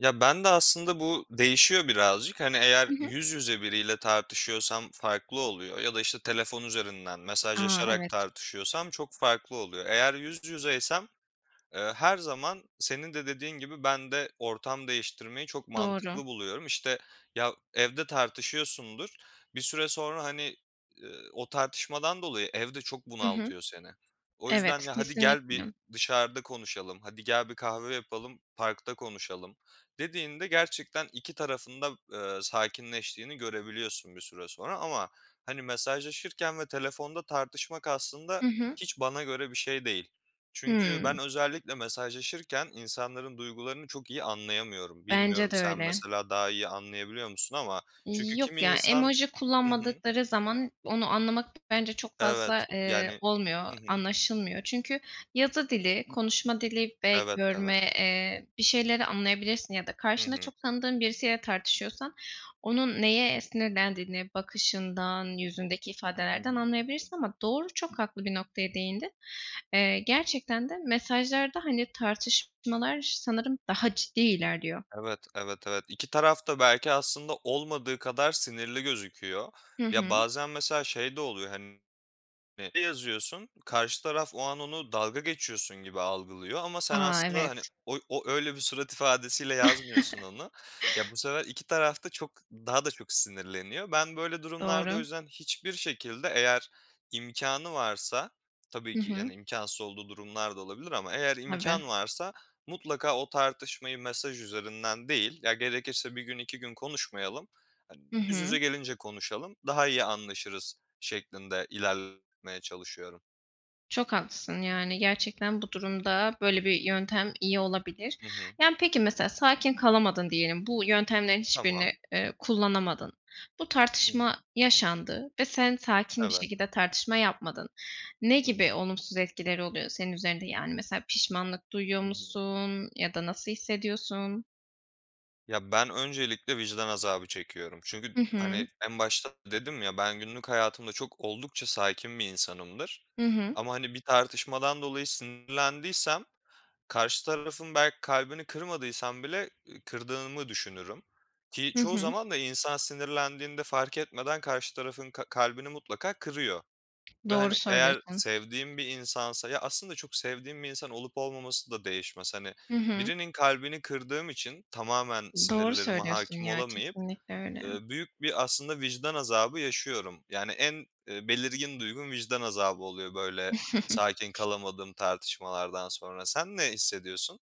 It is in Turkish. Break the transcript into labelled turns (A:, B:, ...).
A: Ya, bende aslında bu değişiyor birazcık. Hani, eğer
B: Hı hı.
A: yüz yüze biriyle tartışıyorsam farklı oluyor ya da, işte, telefon üzerinden
B: A,
A: mesajlaşarak
B: evet.
A: tartışıyorsam çok farklı oluyor. Eğer yüz yüzeysem, eee, her zaman senin de dediğin gibi ben de ortam değiştirmeyi çok
B: Doğru.
A: mantıklı buluyorum. İşte, ya, evde tartışıyorsundur, bir süre sonra, hani, eee, o tartışmadan dolayı ev de çok
B: Hı hı.
A: bunaltıyor seni. O yüzden,
B: Evet,
A: ya, "Hadi gel
B: kesinlikle.
A: bir dışarıda konuşalım, hadi gel bir kahve yapalım, parkta konuşalım." dediğinde gerçekten 2 tarafın da, eee, sakinleştiğini görebiliyorsun bir süre sonra. Ama hani mesajlaşırken ve telefonda tartışmak aslında
B: Hı hı.
A: hiç bana göre bir şey değil. Çünkü
B: Hıı.
A: ben özellikle mesajlaşırken insanların duygularını çok iyi anlayamıyorum.
B: Bence
A: Bilmiyorum
B: de
A: sen
B: öyle.
A: mesela daha iyi anlayabiliyor musun ama çünkü
B: Yok
A: kimi
B: ya,
A: insan
B: emoji
A: Hı hı.
B: kullanmadıkları zaman onu anlamak bence çok fazla,
A: Evet,
B: eee,
A: yani
B: olmuyor,
A: Hı hı.
B: anlaşılmıyor. Çünkü yazı dili, konuşma dili ve
A: Evet, evet.
B: görme, eee, bir şeyleri anlayabilirsin ya da
A: Hı
B: karşında
A: hı.
B: çok tanıdığın birisiyle tartışıyorsan onun neye sinirlendiğini bakışından, yüzündeki
A: Hı
B: ifadelerden
A: hı.
B: anlayabilirsin. Ama doğru, çok haklı bir noktaya değindin. Eee, gerçekten de mesajlarda hani tartışmalar sanırım daha ciddi ilerliyor.
A: Evet, evet evet. 2 taraf da belki aslında olmadığı kadar sinirli gözüküyor.
B: Hı
A: Ya
B: hı.
A: bazen mesela şey de oluyor, hani, [unintelligible] yazıyorsun karşı taraf o an onu dalga geçiyorsun gibi algılıyor ama sen
B: A,
A: aslında, hani
B: evet.
A: o öyle bir surat ifadesiyle yazmıyorsun onu. Ya bu sefer 2 taraf da çok daha da çok sinirleniyor. Ben böyle durumlarda o
B: Doğru.
A: yüzden hiçbir şekilde eğer imkânı varsa, tabii
B: Hı
A: ki,
B: hı.
A: yani, imkânsız olduğu durumlar da olabilir ama eğer
B: Tabii.
A: imkân varsa mutlaka o tartışmayı mesaj üzerinden değil, ya gerekirse 1 gün 2 gün konuşmayalım, hani,
B: Hı
A: yüz yüze
B: hı.
A: gelince konuşalım, daha iyi anlaşırız şeklinde ilerletmeye çalışıyorum.
B: Çok haklısın. Yani gerçekten bu durumda böyle bir yöntem iyi olabilir.
A: Hı hı.
B: Yani peki mesela sakin kalamadın diyelim. Bu yöntemlerin hiçbirini,
A: Tamam.
B: eee, kullanamadın. Bu
A: Hı hı.
B: tartışma yaşandı ve sen sakin bir
A: Evet.
B: şekilde tartışma yapmadın. Ne
A: Hı
B: gibi
A: hı.
B: olumsuz etkileri oluyor senin üzerinde? Yani mesela pişmanlık duyuyor
A: Hı hı.
B: musun ya da nasıl hissediyorsun?
A: Ya ben öncelikle vicdan azabı çekiyorum. Çünkü,
B: Hı
A: hani,
B: hı.
A: en başta da dedim ya, ben günlük hayatımda çok oldukça sakin bir insanımdır.
B: Hı hı.
A: Ama, hani, bir tartışmadan dolayı sinirlendiysem karşı tarafın belki kalbini kırmadıysam bile kırdığımı düşünürüm. Ki
B: Hı
A: çoğu
B: hı.
A: zaman da insan sinirlendiğinde fark etmeden karşı tarafın ka kalbini mutlaka kırıyor. Ve,
B: Doğru
A: hani, eğer
B: söylüyorsun.
A: sevdiğim bir insansa ya aslında çok sevdiğim bir insan olup olmaması da değişmez. Hani,
B: Hı hı.
A: birinin kalbini kırdığım için tamamen
B: Doğru
A: sinirlerime
B: söylüyorsun
A: hâkim
B: ya.
A: olamayıp,
B: Kesinlikle öyle.
A: eee, büyük bir aslında vicdan azabı yaşıyorum. Yani en, eee, belirgin duygum vicdan azabı oluyor, böyle, sakin kalamadığım tartışmalardan sonra. Sen ne hissediyorsun?